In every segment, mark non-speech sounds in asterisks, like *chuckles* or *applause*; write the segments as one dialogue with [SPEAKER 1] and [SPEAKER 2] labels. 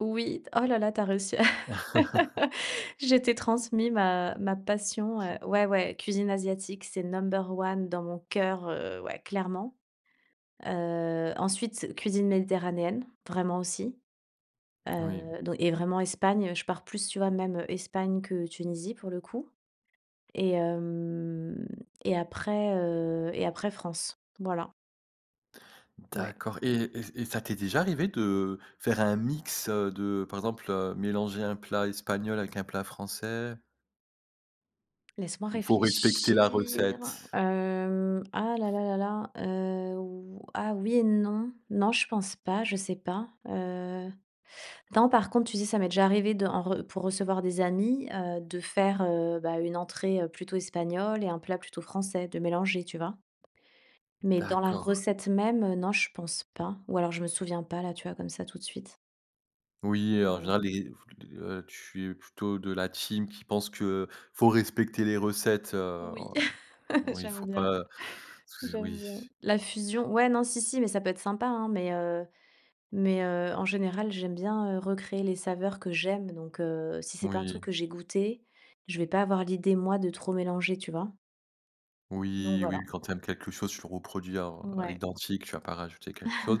[SPEAKER 1] Oui, oh là là, tu as réussi à *laughs*
[SPEAKER 2] *chuckles*
[SPEAKER 1] Je t'ai transmis ma ma passion, heu,
[SPEAKER 2] *chuckles*
[SPEAKER 1] ouais, ouais, cuisine asiatique, c'est number one dans mon cœur, heu, ouais, clairement. Heu, ensuite, cuisine méditerranéenne, vraiment aussi.
[SPEAKER 2] Oui.
[SPEAKER 1] Heu donc et vraiment Espagne. Je pars plus, tu vois, même Espagne que Tunisie, pour le coup et hem et après, heu et après France. Voilà. Ouais.
[SPEAKER 2] D'accord et et et ça t'est déjà arrivé de faire un mix, heu, de, par exemple, heu, mélanger un plat espagnol avec un plat français?
[SPEAKER 1] Laisse moi
[SPEAKER 2] Ou faut respecter la
[SPEAKER 1] réfléchir.
[SPEAKER 2] recette?
[SPEAKER 1] Hem, ah là là là là. Heu ou, ah, oui et non. Non je pense pas, je sais pas. Heu, non, par contre, tu sais, ça m'est déjà arrivé de en re pour recevoir des amis, heu, de faire, heu, bah, une entrée, heu, plutôt espagnole et un plat plutôt français, de mélanger. Tu vois? Mais dans la
[SPEAKER 2] D'accord.
[SPEAKER 1] recette même, heu, non, je pense pas ou alors je me souviens pas, là, tu vois, comme ça, tout de suite.
[SPEAKER 2] Oui, en
[SPEAKER 1] Voilà.
[SPEAKER 2] général, les f le heu, tu es plutôt de la team qui pense que faut respecter les recettes, heu
[SPEAKER 1] Oui, *laughs*
[SPEAKER 2] oui,
[SPEAKER 1] j'aime
[SPEAKER 2] faut pas,
[SPEAKER 1] bien,
[SPEAKER 2] heu, parce que
[SPEAKER 1] j'aime
[SPEAKER 2] oui
[SPEAKER 1] bien. La fusion, ouais, non, si, si, mais ça peut être sympa, hein, mais heu, mais heu, en général, j'aime bien, heu, recréer les saveurs que j'aime, donc heu, si c'est pas un truc
[SPEAKER 2] Moui.
[SPEAKER 1] que j'ai goûté, je vais pas avoir l'idée, moi, de trop mélanger, tu vois? Donc
[SPEAKER 2] Oui,
[SPEAKER 1] voilà.
[SPEAKER 2] oui, quand tu aimes quelque chose, tu le reproduis en à
[SPEAKER 1] Ouais.
[SPEAKER 2] l'identique. Tu vas pas rajouter quelque chose.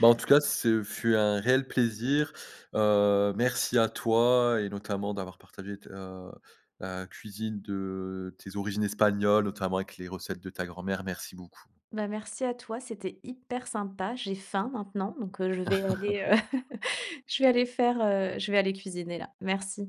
[SPEAKER 2] Bah, en tout cas, ce fut un réel plaisir. Heu, merci à toi et notamment d'avoir partagé tes, heu, la cuisine de tes origines espagnoles, notamment avec les recettes de ta grand-mère. Merci beaucoup.
[SPEAKER 1] Bah, merci à toi, c'était hyper sympa. J'ai faim maintenant, donc je vais aller,
[SPEAKER 2] *laughs*
[SPEAKER 1] heu *laughs* je vais aller faire, heu, je vais aller cuisiner, là. Merci.